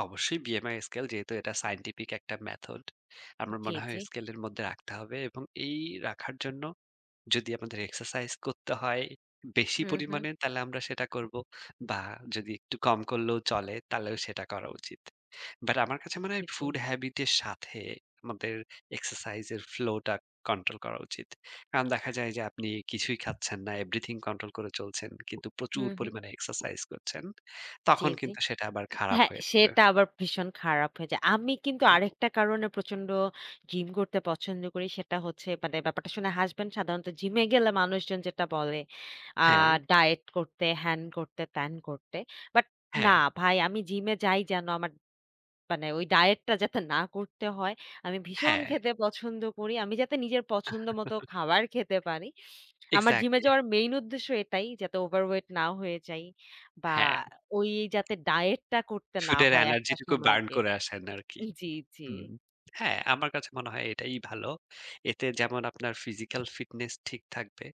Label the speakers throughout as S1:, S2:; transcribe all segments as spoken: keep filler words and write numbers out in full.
S1: অবশ্যই। BMI scale যেহেতু এটা সায়েন্টিফিক একটা মেথড। আমার
S2: জ্বী,
S1: মনে হয়
S2: জ্বী।
S1: স্কেলের মধ্যে রাখতে হবে। এবং এই রাখার জন্য যদি আমাদের এক্সারসাইজ করতে হয় বেশি
S2: হুম, হুম।
S1: পরিমাণে, তালে আমরা সেটা করবো। বা যদি একটু কম করলেও চলে, তালেও সেটা করা উচিত। বাট আমার কাছে মনে
S2: জ্বী,
S1: হয়
S2: জ্বী।
S1: ফুড হ্যাবিট এর সাথে আমাদের এক্সারসাইজের ফ্লো টা কন্ট্রোল করা উচিত। কারণ দেখা যায় যে আপনি কিছুই খাচ্ছেন না, এভরিথিং কন্ট্রোল করে চলছেন। কিন্তু প্রচুর
S2: হুম, হুম।
S1: পরিমাণে এক্সারসাইজ করছেন
S2: জ্বী,
S1: তখন
S2: জ্বী।
S1: কিন্তু সেটা আবার খারাপ
S2: হ্যাঁ
S1: হয়ে যাবে।
S2: সেটা আবার ভীষণ খারাপ হয়ে যায়। আমি কিন্তু আরেকটা কারণে প্রচন্ড জিম করতে পছন্দ করি। সেটা হচ্ছে মানে ব্যাপারটা শুনে হাসবেন। সাধারণত জিমে গেলে মানুষজন যেটা বলে আ
S1: হ্যাঁ।
S2: ডায়েট করতে, হ্যান করতে, ত্যান করতে। বাট না
S1: হ্যাঁ।
S2: ভাই আমি জিমে যাই যেন আমার মানে ওই ডায়েটটা যাতে না করতে হয়, আমি ভীষণ
S1: হ্যাঁ।
S2: খেতে পছন্দ করি। আমি যাতে নিজের পছন্দ মতো খাবার খেতে পারি। আমার জিমে
S1: এক্সাক্টলি।
S2: যাওয়ার মেইন উদ্দেশ্য এটাই যাতে ওভার ওয়েট না হয়ে যাই বা
S1: হ্যাঁ।
S2: ওই যাতে ডায়েটটা করতে না
S1: ফুডের
S2: হয় একটা
S1: এনার্জিটুকু
S2: সময়
S1: বার্ন
S2: গিয়ে।
S1: করে আসেন আরকি।
S2: জ্বী, জ্বী।
S1: হুম। হ্যাঁ, আমার কাছে মনে হয় এটাই ভালো। এতে যেমন আপনার ফিজিক্যাল ফিটনেস ঠিক থাকবে,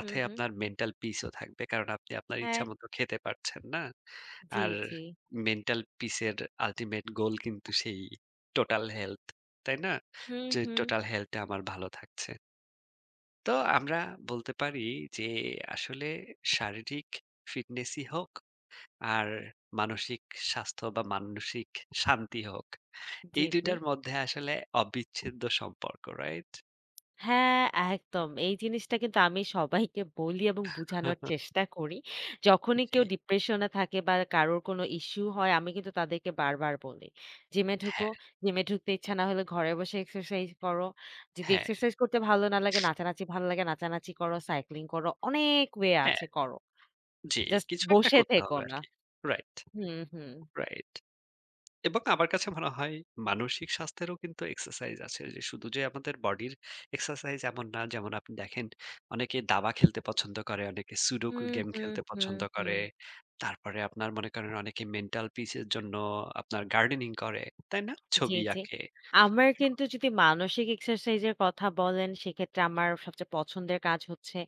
S2: হুম, হুম।
S1: আপনার মেন্টাল পিস ও থাকবে। কারণ আপনি আপনার
S2: হ্যাঁ।
S1: ইচ্ছামত খেতে পারছেন না?
S2: জ্বী,
S1: আর
S2: জ্বী।
S1: মেন্টাল পিসের আল্টিমেট গোল কিন্তু সেই টোটাল হেলথ তাই না?
S2: হুম,
S1: যে
S2: হুম।
S1: টোটাল হেলথ টা আমার ভালো থাকছে। তো আমরা বলতে পারি যে আসলে শারীরিক ফিটনেসই হোক আর মানসিক স্বাস্থ্য বা মানসিক শান্তি হোক। এই
S2: জ্বী,
S1: দুই
S2: জ্বী।
S1: টার মধ্যে আসলে অবিচ্ছেদ্য সম্পর্ক, রাইট?
S2: হ্যাঁ, একদম। এই জিনিসটা কিন্তু আমি সবাইকে বলি এবং বুঝানোর চেষ্টা করি। যখনই কেউ
S1: জ্বী।
S2: ডিপ্রেশন থাকে বা কারোর কোনো ইশ্যু হয় আমি কিন্তু তাদেরকে বারবার বলি। জিমে ঢুকো।
S1: হ্যাঁ।
S2: জিমে ঢুকতে ইচ্ছা না হলে ঘরে বসে এক্সারসাইজ করো। যদি
S1: হ্যাঁ।
S2: এক্সারসাইজ করতে ভালো না লাগে, নাচানাচি ভাল লাগে, নাচানাচি করো, সাইক্লিং করো। অনেক ওয়ে
S1: হ্যাঁ।
S2: আছে করো।
S1: জ্বী,
S2: জাস্ট
S1: কিছু একটা
S2: বসে
S1: করতে
S2: থেকো
S1: হবে
S2: না।
S1: আরকি। রাইট,
S2: হুম, হুম।
S1: রাইট। এবক আমার কাছে মনে হয় মানসিক স্বাস্থ্যেরও কিন্তু এক্সারসাইজ আছে। যে শুধু যে আমাদের বডির এক্সারসাইজ এমন না যেমন আপনি দেখেন অনেকে দাবা খেলতে পছন্দ করে, অনেকে সুডুকু
S2: হুম,
S1: গেম
S2: হুম,
S1: খেলতে
S2: হুম,
S1: পছন্দ করে।
S2: হুম।
S1: তারপরে আপনার মনে করেন অনেকে মেন্টাল পিসের জন্য আপনার গার্ডেনিং করে। তাই না?
S2: জ্বী,
S1: ছবি
S2: জ্বী।
S1: আঁকে।
S2: আমার
S1: [unintelligible]
S2: কিন্তু যদি মানসিক এক্সারসাইজের কথা বলেন সেক্ষেত্রে আমার সবচেয়ে পছন্দের কাজ হচ্ছে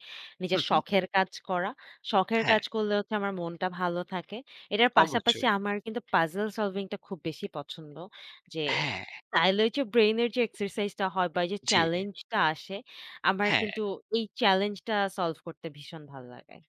S2: নিজের
S1: হু, হু।
S2: শখের কাজ করা। শখের
S1: হ্যাঁ।
S2: কাজ করলে হচ্ছে আমার মনটা ভালো থাকে। এটার পাশাপাশি
S1: অবশ্যই।
S2: আমার কিন্তু পাজল সলভিং টা খুব বেশি পছন্দ। যে
S1: হ্যাঁ।
S2: তাইলে ওইযে ব্রেইনের যে এক্সারসাইজটা হয় বা এইযে
S1: জ্বী।
S2: চেলেঞ্জটা আসে, আমার
S1: হ্যাঁ।
S2: কিন্তু ওই চেলেঞ্জটা সল্ভ করতে ভীষণ ভালো লাগে।